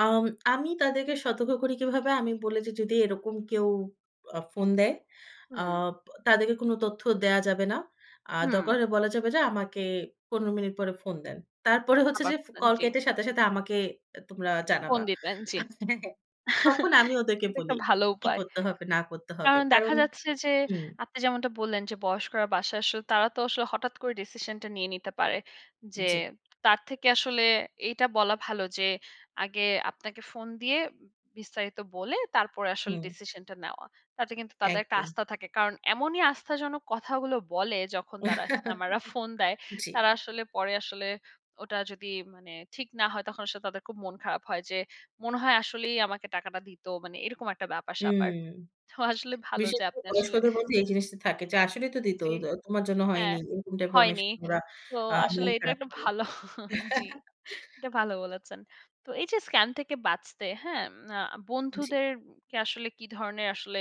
আম আমি তাদেরকে সতর্ক করি কিভাবে, আমি বলে যে, "যদি এরকম কেউ আ ফোন দেয়, হুম। আপ তাদেরকে কোনো তথ্য দেয়া যাবে না। আ হুম। দরকার বলা যাবে যে, "আমাকে ১৫ মিনিট পরে ফোন দেন।" তারপরে হচ্ছে আবার যে ফ করলেন। কল জি। কেটে সাথে, সাথে, আমাকে এ তোমরা ফোন জানাবা।" দিতেন, জ্বী। হ্যাঁ, তখন আমি এটা ওদেরকে কিন্তু বলি একটা ভালো কি, কি, উপায়। করতে হবে না করতে হবে। কারণ দেখা কারণ যাচ্ছে যে, উম আপনি যেমনটা বললেন, যে বয়স্করা বাসায় আসলে তারা তো আসলে হঠাৎ করে ডিসিশন টা নিয়ে নিতে পারে। যে জ্বী। তার থেকে আসলে এইটা বলা ভালো যে আগে আপনাকে ফোন দিয়ে বিস্তারিত বলে তারপরে আসলে হুম। ডিসিশন টা নেওয়া। তাতে কিন্তু তাদের একটা একদম। আস্থা থাকে। কারণ এমনই আস্থাজনক কথাগুলো বলে যখন তারা স্ক্যামাররা ফোন দেয়। জ্বী। তারা আসলে পরে আসলে ওটা যদি মানে ঠিক না হয় তখন আসলে তাদের খুব মন খারাপ হয়। যে মনে হয় আসলেই আমাকে টাকাটা দিত। মানে এরকম একটা উম ব্যাপার-স্যাপার। তো আসলে ভালো বিশেষ যে করে আপনি আসলে বয়স্কদের প্রতি এই জিনিসটা থাকে। যে, "আসলেই তো দিত। জ্বি। দো তোমার জন্য হ্যাঁ, হয়নি।" এরকম টাইপের অনেক হয়নি। সময় ওরা তো আ মন আসলে এটা খারাপ একটা করে। ভালো জ্বি। এটা ভালো বলেছেন। তো এই যে স্কাম থেকে বাঁচতে হ্যাঁ, আ জি। বন্ধুদেরকে আসলে, কি ধরনের আসলে,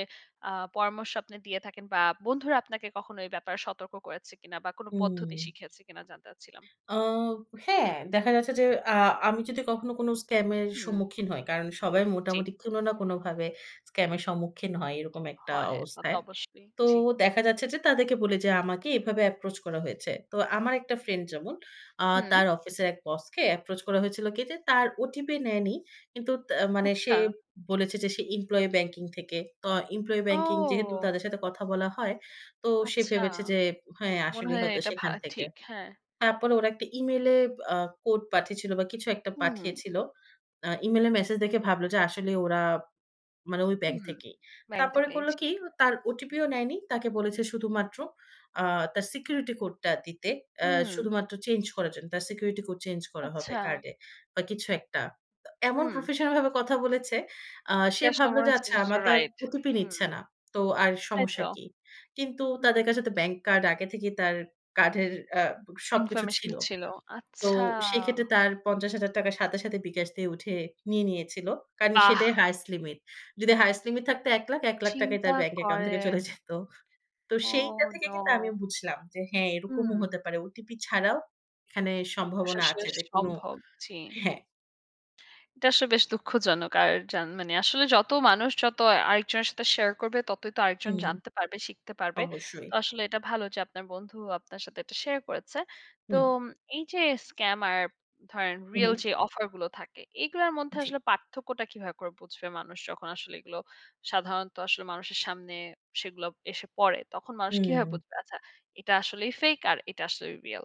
আ পরামর্শ আপনি দিয়ে থাকেন? বা বন্ধুরা আপনাকে কখনো এই ব্যাপারে সতর্ক করেছে কিনা? বা কোনো পদ্ধতি উম শিখিয়েছে কিনা? জানতে চাচ্ছিলাম। আব হ্যাঁ, দেখা যাচ্ছে যে আ আমি যদি কখনো কোনো স্কাম এর হুম। সম্মুখীন হই। কারণ সবাই জ্বী। মোটামুটি কোনো না কোনোভাবে স্ক্যাম এর সম্মুখীন হয় এরকম একটা হয়, তা তো অবস্থায়। অবশ্যই, তো জ্বি। দেখা যাচ্ছে যে তাদেরকে বলে যে আমাকে এভাবে এপ্রোচ করা হয়েছে। তো আমার একটা ফ্রেন্ড যেমন আ হুম। তার অফিসের এক বসকে এপ্রোচ করা হয়েছিল কি যে তার ওটিপি নেয়নি। কিন্তু তা মানে সে আচ্ছা। বলেছে যে সে এমপ্লয়ি ব্যাংকিং থেকে। তো এমপ্লয়ি ব্যাংকিং যেহেতু ও! তাদের সাথে কথা বলা হয় তো সে আচ্ছা। ভেবেছে যে হ্যাঁ, মনে আসলেই হয় হয়তো এটা ভা সেখান থেকে। ঠিক, হ্যাঁ। তারপরে ওরা একটা Email এ বআ কোড পাঠিয়েছিল বা কিছু একটা হুম। পাঠিয়েছিল। আ Email এ মেসেজ দেখে ভাবলো যে আসলে ওরা মানে ওই ব্যাংক হুম, থেকেই। ব্যাংক তারপরে থেকেই, করল জি। কি? তার ওটিপিও নেয়নি। তাকে বলেছে শুধুমাত্র আ তার সিকিউরিটি কোডটা দিতে। এ্যা হুম। শুধুমাত্র চেঞ্জ করার জন্য। তার সিকিউরিটি কোড চেঞ্জ করা হবে আচ্ছা। কার্ডে বা কিছু একটা। তো এমন হুম। প্রফেশনাল ভাবে কথা বলেছে আ সে এটা ভাবলো সময় যে, হচ্ছে "আচ্ছা, যে যে, আমার তার রাইট, ওটিপি হুম। নিচ্ছে না। তো আর তাই সমস্যা তো। কি?" কিন্তু তাদের হুম। কাছে তো ব্যাংক কার্ড আগে থেকেই তার কার্ডের আ সবকিছু ইনফরমেশন ছিল। টা ছিল। তো আচ্ছা! সেক্ষেত্রে তার ৳৫০,০০০ সাথে, সাথে, বিকাশ দিয়ে উঠে নিয়ে নিয়েছিল। কারণ বাহ! সেটাই হাইয়েস্ট লিমিট। যদি হাইয়েস্ট লিমিট থাকতো ৳১,০০,০০০, ৳১,০০,০০০ ই চিন্তা তার ব্যাংক অ্যাকাউন্ট থেকে করেন। চলে যেত। তো ওহ সেইটা থেকে নো! কিন্তু আমি বুঝলাম, যে হ্যাঁ, এরকমও হুম। হতে পারে। ওটিপি ছাড়াও এখানে সম্ভাবনা আছে [unintelligible] যে কোনো সম্ভব জি। হ্যাঁ। এটা আসলে বেশ দুঃখজনক। আর যান মানে আসলে যত মানুষ যত আরেকজনের সাথে শেয়ার করবে, ততই তো আরেকজন উম জানতে পারবে, শিখতে পারবে। অবশ্যই। তো আসলে এটা ভালো যে আপনার বন্ধু আপনার সাথে এটা শেয়ার করেছে। তো হুম। এই যে স্কামার ধরেন হু, রিয়াল হু। যে অফার গুলো থাকে, এগুলার মধ্যে জ্বী। আসলে পার্থক্যটা কিভাবে করে বুঝবে মানুষ, যখন আসলে এগুলো সাধারণত আসলে মানুষের সামনে সেগুলো এসে পড়ে, তখন মানুষ কিভাবে হুম। বুঝবে? আচ্ছা, এটা আসলেই ফেক আর এটা আসলেই রিয়াল?